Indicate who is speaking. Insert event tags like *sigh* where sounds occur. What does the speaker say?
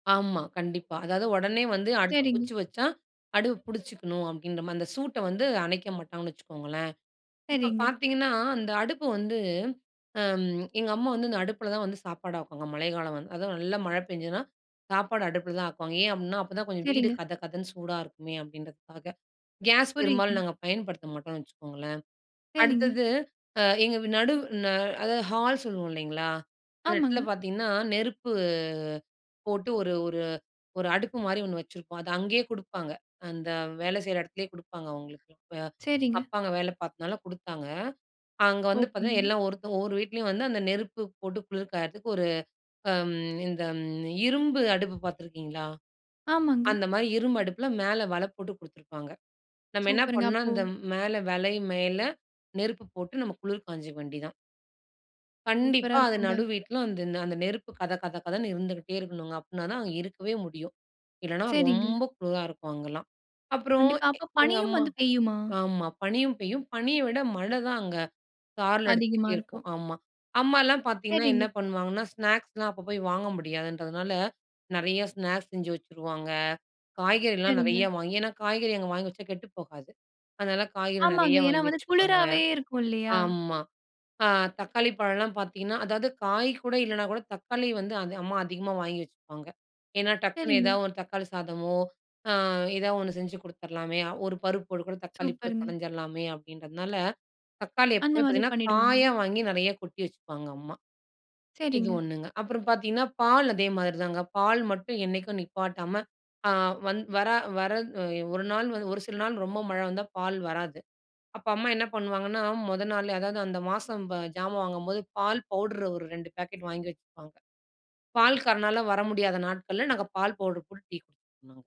Speaker 1: ஆமா. கண்டிப்பா. அதாவது உடனே வந்து அடுத்த
Speaker 2: சரிங்க.
Speaker 1: குச்சி வச்சா, அடுப்பு பிடிச்சிக்கணும் அப்பிடின்றமாரி, அந்த சூட்ட வந்து அணைக்க மாட்டாங்கன்னு வச்சுக்கோங்களேன்! இப்ப
Speaker 2: சரிங்க.
Speaker 1: பார்த்தீங்கன்னா, அந்த அடுப்பு வந்து அம். எங்க அம்மா வந்து இந்த அடுப்புல தான் வந்து சாப்பாடு ஆக்குவாங்க. மழை காலம் வந் அதுவும் நல்ல மழை பெஞ்சதுனா, சாப்பாடு அடுப்புல தான் ஆக்குவாங்க. ஏன் அப்புட்ன்னா, அப்ப தான் கொஞ்சம் வீடு
Speaker 2: சரிங்க.
Speaker 1: கதகதன்னு சூடா இருக்குமே! அப்பிடின்றதுக்காக. கேஸ் பெரும்பாலும்
Speaker 2: புரியுதுங்க.
Speaker 1: நாங்க பயன்படுத்த மாட்டோன்னு வச்சுக்கோங்களேன்!
Speaker 2: சரிங்க.
Speaker 1: அடுத்தது அ எங்க நடு அ அதாவது ஹால் சொல்லுவோம் இல்லேங்களா! அந்த இடத்துல
Speaker 2: ஆமாங்க.
Speaker 1: பார்த்தீங்கன்னா, நெருப்பு போட்டு ஒரு ஒரு ஒரு அடுப்பு மாரி ஒண்ணு வச்சுருப்போம். அத அங்கேயே கொடுப்பாங்க. அந்த வேலை செய்ற இடத்துலே கொடுப்பாங்க அவுங்களுக்கு. அ
Speaker 2: சரிங்க.
Speaker 1: அப்பா அங்க வேலை பார்த்ததுனால கொடுத்தாங்க. அங்க வந்து பார்த்தீங்கன்னா,
Speaker 2: ஓகேங்க.
Speaker 1: எல்லாம் ஒருத்தவுங்க ஒவ்வொரு வீட்லயும் வந்து அந்த நெருப்பு போட்டு குளிர் காய்றத்துக்கு ஒரு அம் இந்த ம் இரும்பு அடுப்பு பார்த்துருக்கீங்களா?
Speaker 2: ஆமாங்க.
Speaker 1: அந்த மாதிரி இரும்பு அடுப்புல மேல வல போட்டு கொடுத்திருப்பாங்க. நம்ம என்ன
Speaker 2: சூப்பருங்க.
Speaker 1: பண்ணோம்
Speaker 2: அப்போ
Speaker 1: அந்த மேல வலை மேல நெருப்பு போட்டு நம்ம குளிர் காய்ஞ்சிக்க வேண்டியது தான்.
Speaker 2: சூப்பரா
Speaker 1: கண்டிப்பா. அது
Speaker 2: இருக்குங்க.
Speaker 1: நடு வீட்ல அந்த அந்த நெருப்பு கத கத கதன்னு இருந்துகிட்டே இருக்கணுங்க, அப்புட்னா தான் அங்க இருக்கவே முடியும். இல்லன்னா,
Speaker 2: சரிங்க.
Speaker 1: ரொம்ப குளிரா இருக்கும் அங்கலாம். அப்புறம்
Speaker 2: கண்டிப்பா
Speaker 1: எ
Speaker 2: அப்போ
Speaker 1: எங்க
Speaker 2: பனியும்
Speaker 1: அம்மா
Speaker 2: வந்து பெய்யுமா?
Speaker 1: ஆமா. பனியும் பெய்யும். பனிய விட மழ தான் அங்க சாரல் அடிச்சிட்டே
Speaker 2: அதிகமா
Speaker 1: இருக்கும்
Speaker 2: இருக்கும்.
Speaker 1: ஆமா. அம்மாலாம் பார்த்தீங்கன்னா, என்ன
Speaker 2: சரிங்க.
Speaker 1: பண்ணுவாங்கன்னா ஸ்நாக்ஸ்லாம் அப்ப போய் வாங்க முடியாதுன்றதுனால, நிறைய ஸ்நாக்ஸ் செஞ்சு வச்சுருவாங்க. காய்கறிலாம்
Speaker 2: சரிங்க.
Speaker 1: நிறையா வாங்கி ஏன்னா காய்கறி அங்க வாங்கி வச்சா கெட்டு போகாது. அதனால காய்கறி
Speaker 2: ஆமாங்க.
Speaker 1: நிறையா
Speaker 2: ஏன்னா
Speaker 1: வாங்கி
Speaker 2: வந்து
Speaker 1: வச்சுப்பாங்க.
Speaker 2: குளிராவே இருக்கும் இல்லயா!
Speaker 1: ஆமா. ஆ தக்காளி பழம்லாம் பார்த்தீங்கன்னா அதாவது காய் கூட இல்லன்னாகூட தக்காளி வந்து அது அம்மா அதிகமா வாங்கி வச்சுப்பாங்க. ஏன்னா டக்குனு
Speaker 2: சரிங்க.
Speaker 1: ஏதாவது ஒரு தக்காளி சாதமோ! ஆ எதா ஒண்ணு செஞ்சு கொடுத்துர்லாமே! ஒரு பருப்பு கூட தக்காளி போட்டு
Speaker 2: சூப்பர்ங்க.
Speaker 1: பிணஞ்சிர்லாமே! அப்பிடின்றதுனால தக்காளி
Speaker 2: அந்த
Speaker 1: எப்பவுமே
Speaker 2: மாதிரி
Speaker 1: பார்த்தீங்கன்னா,
Speaker 2: பண்ணிடுவாங்க.
Speaker 1: காயா வாங்கி நிறையா கொட்டி வச்சுப்பாங்க, அம்மா. இது
Speaker 2: சரிங்க.
Speaker 1: ஒண்ணுங்க. அப்புறம் பார்த்தீங்கன்னா, பால் அதே மாதிரி தாங்க பால் மட்டும் என்னைக்கும் நிப்பாட்டாம ஆ வந் வர வர அ ஒரு நாள் வந்து ஒரு சில நாள் ரொம்ப மழ வந்தா, பால் வராது. அப்ப அம்மா என்ன பண்ணுவாங்கன்னா, முதல் நாள்லே அதாவது அந்த மாசம் ப ஜாமான் வாங்கும்போது பால் பவுடர ஒரு 2 பாக்கெட் வாங்கி வச்சுப்பாங்க. பால்காரனால வர முடியாத நாட்கள்ல நாங்க பால் பவுடர் போட்டு டீ *unintelligible*